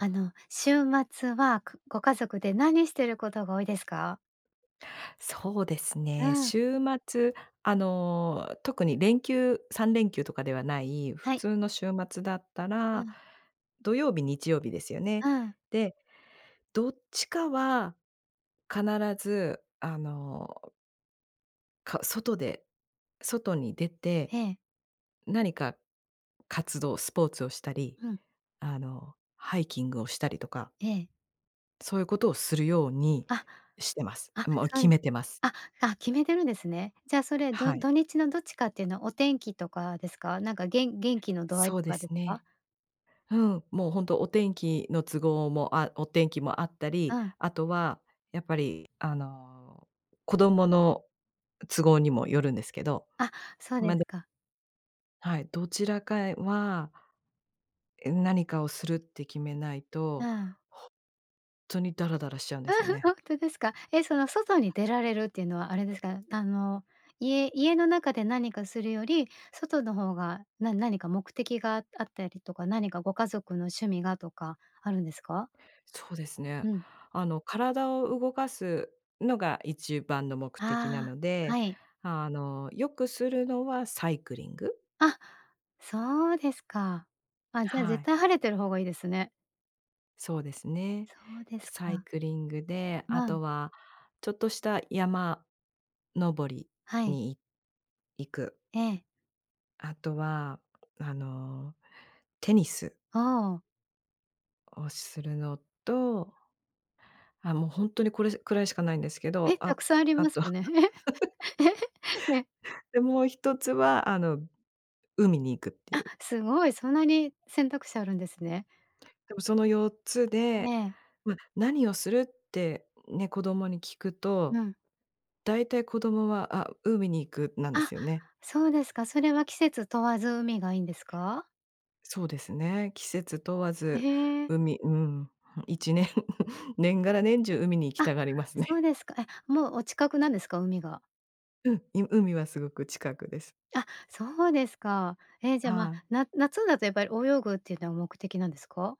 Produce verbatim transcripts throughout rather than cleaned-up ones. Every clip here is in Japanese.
あの、週末は、くご家族で何してることが多いですか？そうですうね。ん。週末、あの、特に連休さんれんきゅうとかではない普はい。通の週末だったうら、ん。土曜日、日曜日ですよね。うん。で、どっちかは必ず、あのか外で外に出て、ええ。何か活動、スポーツをしたり、うん。あの、ハイキングをしたりとかええ。そういうことをするように、あ。してます。あ、もう、そう決です。めてます。ああ、決めてるんですね。じゃあ、それ、どはい。土日のどっちかっていうのは、お天気とかですか？なんか、げん元気の度合いそうとでかですすか？ね。うん。もう、ほんとお天気の都合もあお天気もあったうり、ん。あとはやっぱり、あの、子供の都合にもよるんですけど。あ、そうでま、すでか。はい。どちらかへは何かをするって決めないうと、ほーんん。とにダラダラしちゃうんですよ ね。ほんとですか？え、その、外に出られるっていうのは、あれですか？あの、家家の中で何かするより、外の方がな何か目的がああったりとか、何かご家族の趣味がとかあるんですか？そうですね。うん。あの、体を動かすのが一番の目的なあのあ。で、はい。あの、よくするのはサイクリング。あ、そうですか。あ、じゃあ、は絶い。対晴れてる方がいいですね。そうですね。そうでで、すサイか。クリングで、あまあ。とは、ちょっとした山登りはい。にい行く。ええ。あとは、あの、テニスああ。をするのと、あ、もうほんとに、これしくらいしかないんですけえ、ど。あ、沢山ありあますとよね。で、もうひとつは、あの、海に行くっていあ、う。すごい。そんなに、選択肢あるんですね。でも、そのよっつえで、え。まあ、何をするってね、子供に聞くうと、ん。だいたい子供は、「あ、海に行く」なんであ、すよね。そうですか。それは季節問わず、海がいいんですか？そうですね。季節問わず、へえ。海。うん。いちねん、年がら年中、海に行きあ、たがりますね。そうですか。え、もう、お近くなんですか、海が？うん、い海はすごく近くです。あ、そうですか。え、じゃ、まあ、はい。な夏だとやっぱり、泳ぐっていうのは目的なんですか？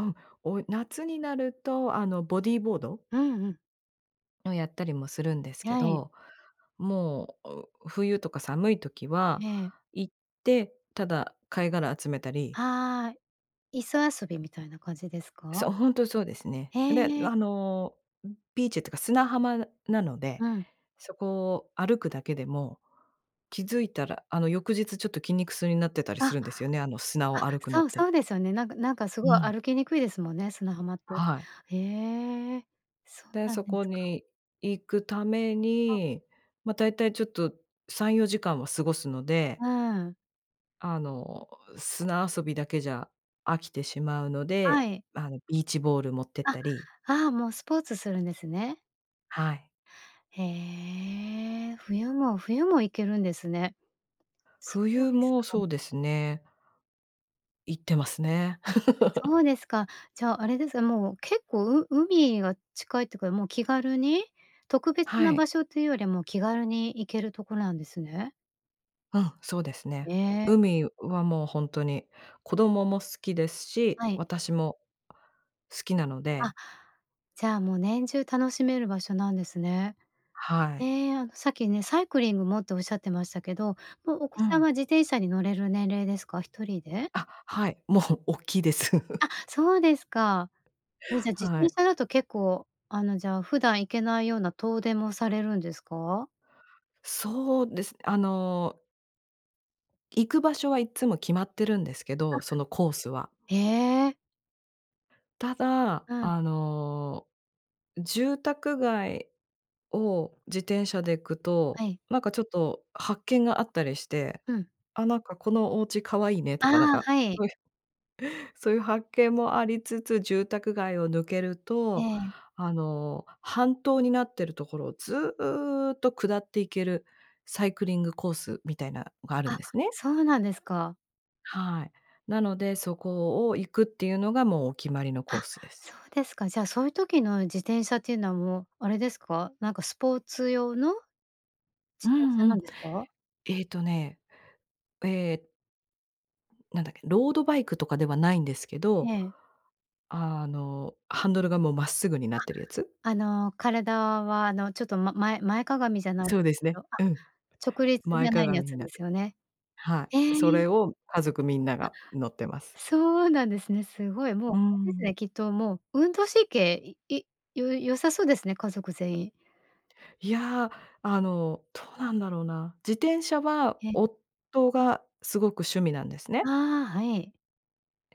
うん、およ夏になると、あの、ボディボード？うんうん。をやったりもするんですけはい。ど、もう、う冬とか寒い時は、ええ。行って、ただ貝殻集めたり。はい、磯遊びみたいな感じですそか？う、本当そうですね。へで、え。あのビーチってか砂浜なので、うん。そこを歩くだけでも気づいたら、あの翌日ちょっと筋肉痛になってたりあ、すあ、るんですよね、あの砂を歩くのそっうて。そうですよね。なんかなんかすうごいん。歩きにくいですもんね、砂浜って。はい。へえ、そうで、なんそでこすか。に行くためはい。に、ま、だいたいちょっとさんよじかんは過ごすので。うん。あの、砂遊びだけじゃ飽きてしまうのはで、い。あの、ビーチボール持ってっあ、たり。ああもうスポーツするんですね。はい。へえ、冬も冬も行けるんですね。そう冬ですもか。そうですね。行ってますね。あ、そうですか。じゃああれです、もう結構、う海が近いってか、もう気軽に、特別はない。場所というよりも気軽に行けるとこなんですね。うん、そうですね。ええ。海はもうほんとに子供も好きですし、はい。私も好きなのあ、で。じゃあ、もう、年中楽しめる場所なんですね。はい。ええ、さっきね、サイクリングもっておっしゃってましたけど、もうお子うさんん。は自転車に乗れる年齢ですか？ひとりで？あ、はい。もう大きいです。あ、そうですか。え、じゃ、自は転い。車だと結構、あの、じゃあ普段行けないような遠出もされるんですか？そうですね。あの行く場所はいっつも決まってるんですけど、あ。そのコースは。へえ。ただ、うん。あの、住宅街を自転車で行くはと、い。なんかちょっと発見があったりして、うん。「あ、なんか、このおうち可愛いね」とあかなんあ、かはい。そういう、そういう発見もありつつ、住宅街を抜けるえと、え。あの半島になってるところをずっと下っていけるサイクリングコースみたいなのがあるんあ、ですね。そうなんですか。はい。なので、そこを行くっていうのがもうお決まりのコあ、ースです。そうですか。じゃあそういう時の自転車っていうのはもう、あれですか？なんかスポーツ用のう自転ん車うなん。んですか？えっとね。ええ。なんだっけ、ロードバイクとかではないんですけど、ええ。あの、ハンドルがもう真っ直ぐになってるやつ？あ、あの体は、あのちょっとま前前かがみじゃないんでそうですすけね、ど、あ、うん。直立じ前ゃ屈ないやみつになでるすよね？はへい。そえ。れを、家族みんなあ、が乗ってます。そうなんですね。すごいもう、うーあれですん。ね。きっともう、運動神経、い良さそうですね、家族全員。いや、あの、どうなんだろうな。自転車は、え。夫がすごく趣味なんですあね。あ、はい。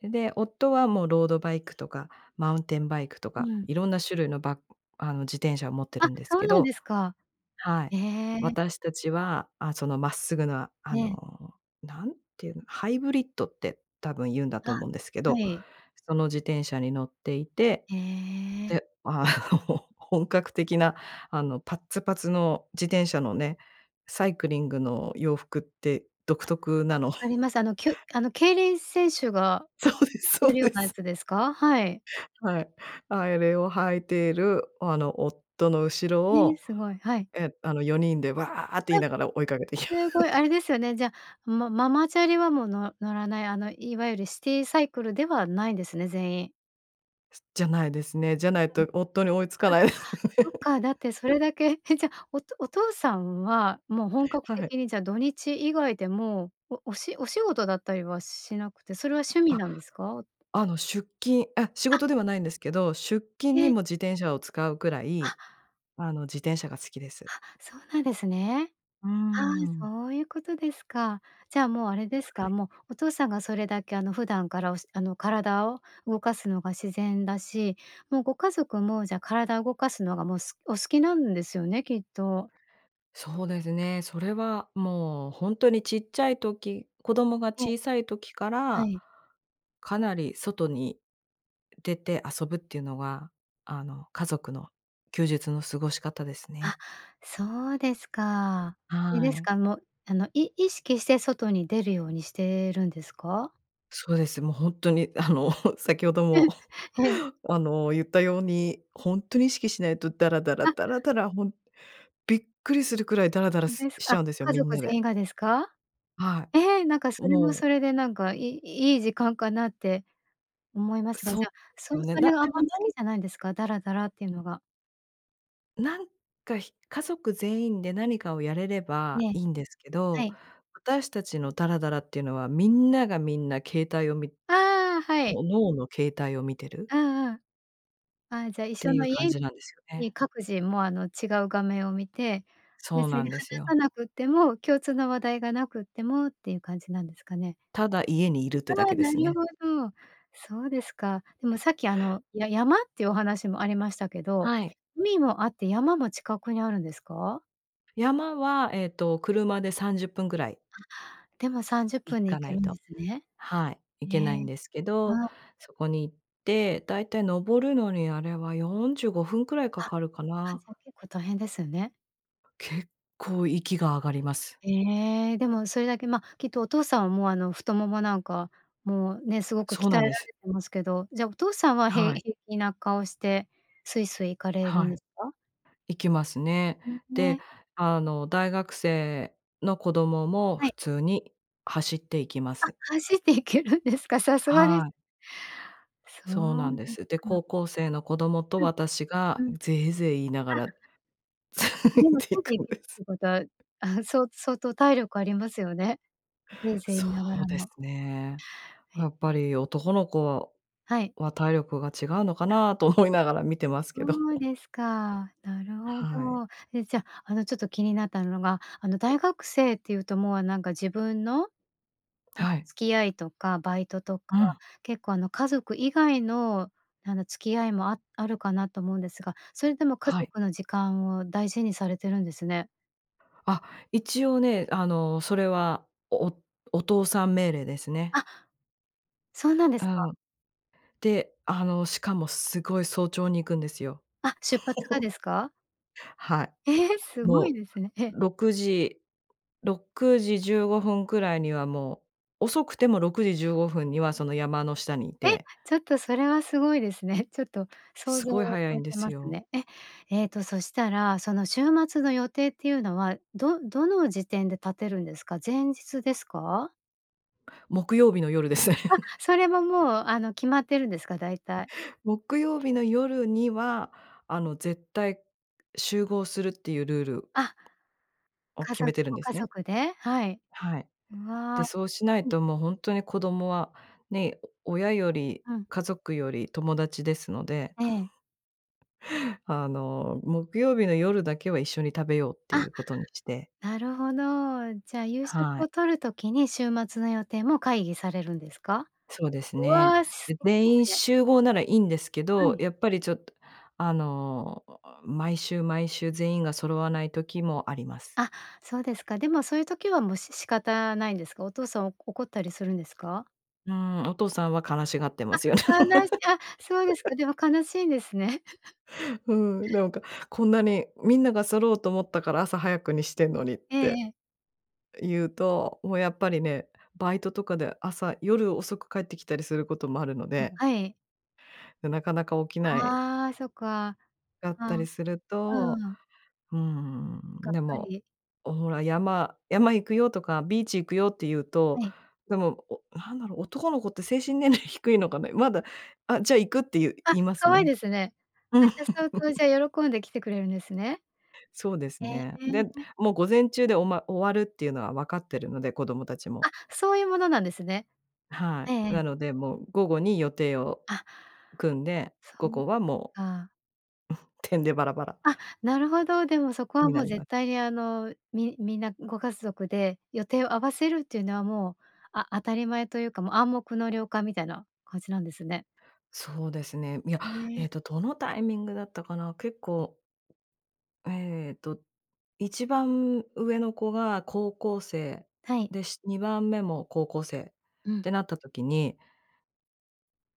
で、夫はもうロードバイクとか、マウンテンバイクとうか、ん。いろんな種類のバあの、自転車を持ってあ、るんですそけうなんどですか。はい。へえ。私たちは、あ、その真っ直ぐなあええ。の、何て言うの、ハイブリッドって多分言うんだとあ、思うんですけはど、い。その自転車に乗っていて、へえ。で、あの本格的なあのパッツパツの自転車のね、サイクリングの洋服って独あ。特なの。分かり ます、あのきゅあの競輪選手がそうで着すてそうるよでうなやす。つですか？はい。はい、あれを履いている、あの夫の後ろへえ、を、すごい。はい。え、あのよにんで「わあ」って言いあ、ながら追いかけていきま。すごいあれですよね。じゃあ、まママチャリはもう、の乗らない、あのいわゆるシティサイクルではないですね、全員。じゃないですね。じゃないうん。あ、と夫に追いつかない。そっか、だってそ れだけ、え、じゃあ、おとお父さんはもう本格はい。的にじゃ、土日以外でも、おおしお仕事だったりはしなくて、それは趣味あ、なんですか？あの出勤あ、仕あ。事ではないんですけど、出勤えにえ。も自転車を使うくらあ。い、あの自転車が好きです。あ、そうなんですね。うーああ、ん。そういうことですか。じゃあもう、あれですか、はい。もう、お父さんがそれだけあの、普段からおしあの体を動かすのが自然だし、もうご家族もじゃあ、体動かすのがもうすお好きなんですよね、きっと。そうですね、それはもう、ほんとにちっちゃい時子供がええ。小さい時かはら、い。かなり外に出て遊ぶっていうのが、あの、家族の休日の過ごし方ですあ、ね。そうですか。あれはですい。か、もうあの、い意識して外に出るようにしてるんですか？そうです。もう、ほんとに、あの先ほど もええ。あの、言ったように、ほんとに意識しないと、ダラダラ、あ。ダラダラ、ほんびっくりするくらいダラダラすですしちか、ゃうんですよ、家みん族な全で。員がですか？はえ、なんかい、それももうそれで、なんかいいい時間かなって思いますが、そうじゃであ、すそよね。そなれでがあんまもり好なきんじゃないんですか？ダラダラっていうのが。なんか、ひ家族全員で何かをやれれえばえ。いいんですけはど、い。私たちのダラダラっていうのはみんながみんな携帯を見ああ、はい。各々携帯を見てるああああ、ああ、じゃ一って緒いのう家感じなんですよね。に各自もう、あの、違う画面を見て、そう別になん話ですさよ。なくっても共通の話題がなくってもっていう感じなんですかね。ただ家に居るってだああ、けでなするね。ほど。そうですか。でも、さっきあの、や山ってお話もありましたけど、はい。海もあって山も近くにあるんですか？山はえっと車でさんじゅっぷんぐらいでもさんじゅっ行ぷんでか行なけいるんと、ですね。はい、行えけないんえ、ですけど、あそこに行って、大体登るのにあれはよんじゅうごふんくらいあ、かかるかは、な。じゃ結構大変ですね。結構息が上がります。ええ、でもそれだけ、ま、きっとお父さんは、もうあの、太腿なんかもうね、すごくそ鍛うえならんれです。てますけど、じゃ、お父さんはへはい。平気な顔してスイスイ行かれるんはい。ですか？行きますね。うん、で、え。あの、大学生の子供もは普い。通に走って行きまあ、す。走っていけるんですか？さすがではい。そそうなうんでですす。で、か。高校生の子供とう私がん、うん、ゼーゼー言いながあらつでいもつていいてくいんけるでっす。てことは、ああ、そう相当体力ありますよね、ゼーゼー言そいながうらですも。ね。やっへぱり男の子はい。は体力が違うのかなと思いながら見てますけど。そう ですか。なるほはい。ど。え、じゃ、あの、ちょっと気になったのが、あの、大学生っていうと、もう、あなんか自分のはい。付き合いとかバイトとかうん。結構あの、家族以外のあの、付き合いも、ああるかなと思うんですが、それでも家はい。族の時間を大事にされてるんですね。あ、一応ね、あの、それは、おおお父さん命令ですね。あ、そうなんでうすか。ん。で、あの、しかもすごい早朝に行くんですよ。あ、出発がで すか？はい。ええ、すごいもですね。え。う、ろくじろくじじゅうごふんくらいにはもう、遅くてもろくじじゅうごふんにはその山の下に居え、て。ちょっとそれはすごいですね。ちょっと、想す像ごいを早超いえんでてすますよ。ね。え、えっと、そしたら、その週末の予定っていうのは、どどの時点で立てるんですか？前日ですか？木曜日の夜です。あ、それももう、あの決まってるんですか？大体。木曜日の夜には、あの絶対、集合するっていうルールあ。をか決ぞめてるんごで家すね。族で？はい。はい。うわ。で、はそうしないい。と、もう、ほんとに子供は、ね、親よりうん。家族より、友達ですので。ええ。あの、木曜日の夜だけは、一緒に食べようっていあ、うことにして。なるほど。じゃあ、夕食はをい。取る時に、週末の予定も会議されるんですか？そうですうね。わ、素で、敵で全員すね。集合ならいいんですけはど、い。やっぱりちょっと、あの、毎週毎週全員が揃わない時もあります。あ、そうですか。でもそういう時はもう、し仕方ないんですか？お父さん怒ったりするんですか？うーん、お父さんは悲しがってますよ。あ、悲しあ、そうですか。でも悲しいんですね。うん、なんか、こんなに、みんなが揃うと思ったから、朝早くにしてんのにっええて。ええ。言うと、もうやっぱりね、バイトとかで、朝夜遅く帰ってきたりすることもあるのあ、で。はい。で、なかなか起きないああ、そっか。だっうたりん。すると、うん。うーん、がっでかもり。「ほら山山行くよ」とか、「ビーチ行くよ」って言うはと、い。でも、おなんだろう、男の子って精神年齢低いのかな？まだ、「あ、じゃあ行く」って言うあ、言いますかわいね。ですね。あ、うん。じゃあ相当じ ゃ喜んで来てくれるんですね。そうですへね。で、え。もう午前中でおま終わるっていうのは分かってるので、子供たちも。あ、そういうものなんですね。えはええい、なえ。のでもう午後に予定をあ組んで、そ午う後はもか。う てんでばらばらあ、なるほど、でもそこは、になもうり絶ます。対にあの、みみんなご家族で予定を合わせるっていうのは、もうあ当たり前というか、もう暗黙の了解みたいな感じなんですね。そうですね。いや、えね。っと、どのタイミングだったかな、結構えっと、いちばん上の子が高校生はい。で、しにばんめも高校生っうん。てなった時に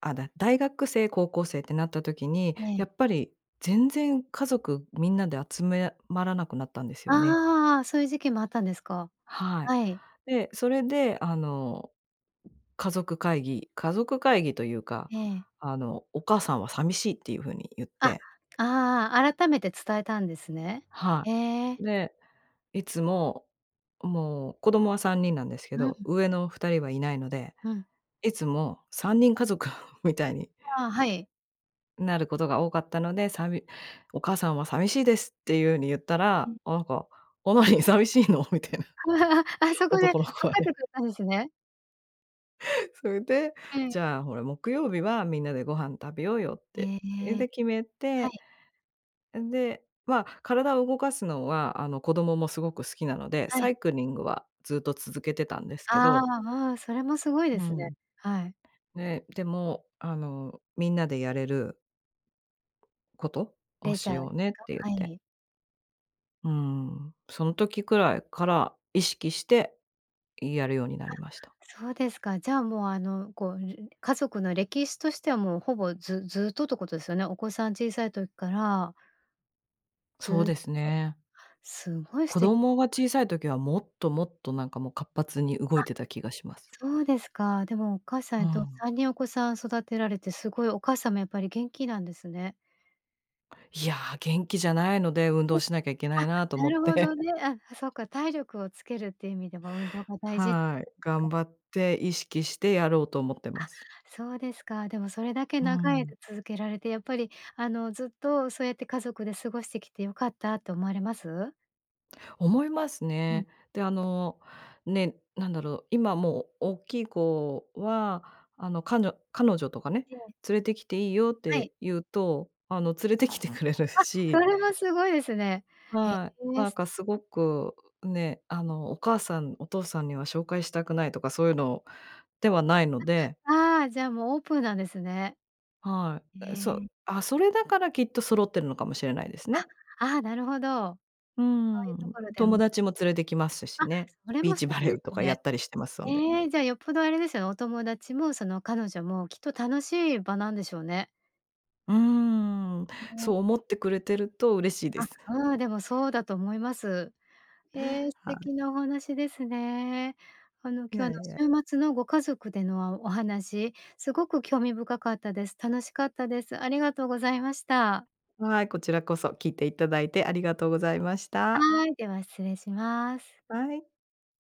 あだ大学生、高校生ってなった時に、ええ。やっぱり、全然家族みんなで集めまらなくなったんですよね。ああ、そういう時期もあったんですか。はい。はい。で、それであの、家族会議家族会議というか、ええ。あの「お母さんは寂しい」っていう風に言っあ、て。ああ、改めて伝えたんですね。はへえ。い。で、いつも、もう子供はさんにんなんですけうど、ん。上のふたりはいないので、うん。いつもさんにんかぞく みたいにあ、はい。なることが多かったので、さび「お母さんは寂しいです」ていう風に言ったうら、ん。なんか、「おい、寂しいの？」みたいな。あ、そこで分男の子はかってね。くれたんですね。それで、ええ。じゃあほら、木曜日はみんなでご飯食べようよって、へえ、え。で決めはてい。うん、で、まあ体を動かすのは、あの子供もすごく好きなので、はサい。イクリングはずっと続けてたんですけあどあああ、それもすごいでうすね。ん。はい。ね、でも、あの、みんなでやれること、をレジしャーとようねってか？言っはて。い。うーん。その時くらいから、意識して、いやるようになりました。あ、そうですか。じゃあもうあの、こうる家族の歴史としては、もうほぼ、ずずっとっとことですよね。お子さん小さい時からそうずっでと。すね。すごい素子敵。供が 小さい時はもっともっとなんかもう活発に動あ。いてた気がします。そうですか。でもお母さんうえっとん。さんにんお子さん育てられて、すごいお母さんもやっぱり元気なんですね。いや、元気じゃないので、運う動ん。しなきゃいけないなとあ、な思っるほどて。ね。あ、あ、そっか、体力をつけるっていう意味では運動が大事はい、頑か。張って意識してやろうと思ってあ、ます。そうですか。でもそれだけう長いん。間続けられてやっぱり、あのずっとそうやって家族で過ごしてきて良かったと思われます？思いますうん。ね。で、あの、ね、なんだろ、今もおっきい子は、あの、かにょ彼女とかねええ。「連れてきていいよ」っはい。て言うと、あの連れてきてくれるあ、そし。れはすごいですね。へはい、え、なんすかすごてくね、あの「お母さん、お父さんには紹介したくない」とかそういうのではないので。あ、ああ、じゃあもうオープンなんですね。はへい。あ、え。そうあ、それだからきっと揃ってるのかもしれないですね。あ、ああ、なるほど。うーそういうとん、ころで友も。達も連れてきますしあ、ね。それビーも素チバ敵レでーとすかやね。ったりしてます、そんで。ええ、じゃあよっぽどあれですよね、お友達もその彼女もきっと楽しい場なんでしょうね。うーん、あそのう思ってくれてると嬉しいであ、す。うーん、でもそうだと思います。ええ、素はい。敵なお話ですね。あのい今やい日や。の週末のご家族での、わお話、すごく興味深かったです。楽しかったです。ありがとうございました。はい、こちらこそ聞いていただいてありがとうございました。はーい、では失礼します。はい。